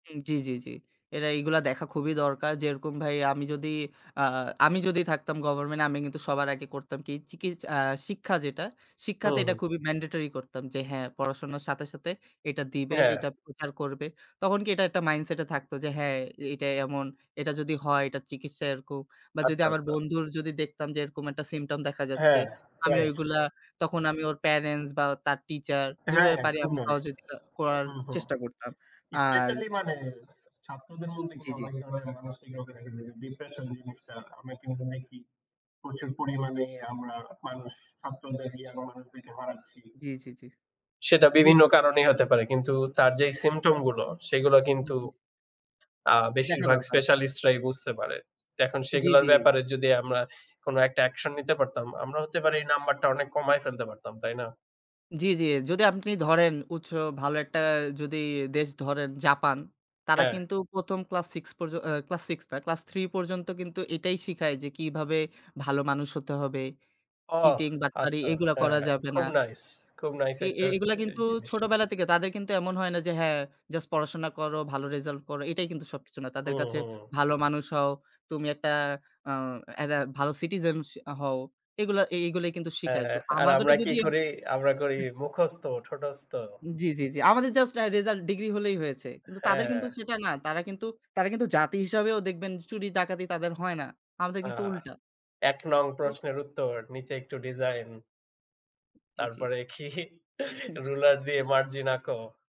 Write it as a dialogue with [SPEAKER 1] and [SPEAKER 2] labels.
[SPEAKER 1] উম জি, জি, জি। এরা এইগুলা দেখা খুবই দরকার। যেরকম ভাই আমি যদি আ আমি যদি থাকতাম গভর্নমেন্ট আমি কিন্তু সবার আগে করতাম কি? চিকিস আ শিক্ষা যেটা, শিক্ষাতে
[SPEAKER 2] হুম,
[SPEAKER 1] এটা
[SPEAKER 2] হুম।
[SPEAKER 1] খুবই ম্যান্ডেটরি করতাম। যে হ্যাঁ পড়াশোনার সাথে, সাথে এটা দিবে,
[SPEAKER 2] হ্যাঁ।
[SPEAKER 1] এটা প্রচার করবে। তখন কি এটা একটা মাইন্ডসেট এ থাকতো যে হ্যাঁ এ এইটা এমন, এটা যদি হয় এটা চিকিৎসা এরকম। বা যদি
[SPEAKER 2] আচ্ছা,
[SPEAKER 1] আমার
[SPEAKER 2] আচ্ছা।
[SPEAKER 1] বন্ধুর যদি দেখতাম যে এরকম একটা symptom দেখা যাচ্ছে।
[SPEAKER 2] হ্যাঁ,
[SPEAKER 1] আমি
[SPEAKER 2] রাইট।
[SPEAKER 1] ঐগুলা তখন আমি ওর প্যারেন্টস বা তার টিচার
[SPEAKER 2] হ্যাঁ
[SPEAKER 1] যেভাবে পারি
[SPEAKER 2] খুব
[SPEAKER 1] আমি
[SPEAKER 2] মারে।
[SPEAKER 1] সহযোগিতা করার
[SPEAKER 2] হু, হু।
[SPEAKER 1] চেষ্টা করতাম। আর
[SPEAKER 2] স্পেশালই মানে ছাত্রদের মধ্যে
[SPEAKER 1] জি,
[SPEAKER 2] কিন্তু
[SPEAKER 1] জি।
[SPEAKER 2] অনেক ধরনের মানসিক রোগ ডিপ্রেশন জিনিসটা আমরা কিন্তু দেখি প্রচুর পরিমাণে আমরা মানুষ ছাত্রদের দিয়ে [unintelligible] হারাচ্ছি।
[SPEAKER 1] জি, জি, জি,
[SPEAKER 2] সেটা
[SPEAKER 1] জি,
[SPEAKER 2] বিভিন্ন
[SPEAKER 1] জি।
[SPEAKER 2] কারণেই হতে পারে। কিন্তু তার যেই symptom গুলো, সেগুলা
[SPEAKER 1] হু,
[SPEAKER 2] কিন্তু
[SPEAKER 1] হু।
[SPEAKER 2] আ
[SPEAKER 1] দেখা
[SPEAKER 2] বেশিরভাগ
[SPEAKER 1] দরকার।
[SPEAKER 2] স্পেশালিস্টরাই বুঝতে পারে। তো এখন
[SPEAKER 1] জি,
[SPEAKER 2] সেগুলোর
[SPEAKER 1] জি।
[SPEAKER 2] ব্যাপারে যদি আমরা কোন একটা অ্যাকশন নিতে পারতাম, আমরা হতে পারে এই নাম্বারটা অনেক কমায় ফেলতে পারতাম, তাই না?
[SPEAKER 1] জি, জি। যদি আপনি ধরেন উচ্চ ভালো একটা যদি দেশ ধরেন Japan, তারা
[SPEAKER 2] হ্যাঁ।
[SPEAKER 1] কিন্তু ১ম ক্লাস 6 পর্য আ ক্লাস 6 না ক্লাস 3 পর্যন্ত কিন্তু এইটাই শিখায় যে কিভাবে ভালো মানুষ হতে হবে।
[SPEAKER 2] ও
[SPEAKER 1] চিটিং, বাটপারি
[SPEAKER 2] আচ্ছা,
[SPEAKER 1] এগুলা করা
[SPEAKER 2] হ্যাঁ।
[SPEAKER 1] যাবে না।
[SPEAKER 2] খুব নাইস, খুব নাইস
[SPEAKER 1] এ
[SPEAKER 2] একটা
[SPEAKER 1] এ এগুলা
[SPEAKER 2] এ
[SPEAKER 1] কিন্তু
[SPEAKER 2] জিনিস।
[SPEAKER 1] ছোটবেলা থেকে তাদের কিন্তু এমন হয় না যে হ্যাঁ জাস্ট পড়াশোনা করো, ভালো রেজাল্ট করো, এটাই কিন্তু সবকিছু নয়। তাদের
[SPEAKER 2] হুম,
[SPEAKER 1] কাছে
[SPEAKER 2] হুম।
[SPEAKER 1] ভালো মানুষ হও, তুমি একটা আ একটা ভালো সিটিজেন স হও। এগুলা এইগুলো কিন্তু শিখায়।
[SPEAKER 2] হ্যাঁ।
[SPEAKER 1] তো
[SPEAKER 2] আর আমরা
[SPEAKER 1] আমাদেরও
[SPEAKER 2] কি
[SPEAKER 1] যদি
[SPEAKER 2] করি?
[SPEAKER 1] [unintelligible]
[SPEAKER 2] আমরা করি
[SPEAKER 1] হু
[SPEAKER 2] মুখস্থ, ঠোটস্থ।
[SPEAKER 1] জি, জি, জি। আমাদের জাস্ট অ্যা রেজাল্ট ডিগ্রি হলেই হয়েছে, কিন্তু তাদের
[SPEAKER 2] হ্যাঁ।
[SPEAKER 1] কিন্তু সেটা না। তারা কিন্তু তারা কিন্তু জাতি হিসেবেও দেখবেন চুরি ডাকাতি তাদের হয় না। আমাদের
[SPEAKER 2] আ
[SPEAKER 1] কিন্তু উল্টা।
[SPEAKER 2] ১ নং
[SPEAKER 1] তো
[SPEAKER 2] প্রশ্নের উত্তর, নিচে একটু ডিজাইন।
[SPEAKER 1] জি, জি।
[SPEAKER 2] তারপরে কি? রুলার দিয়ে মার্জিন আঁকো।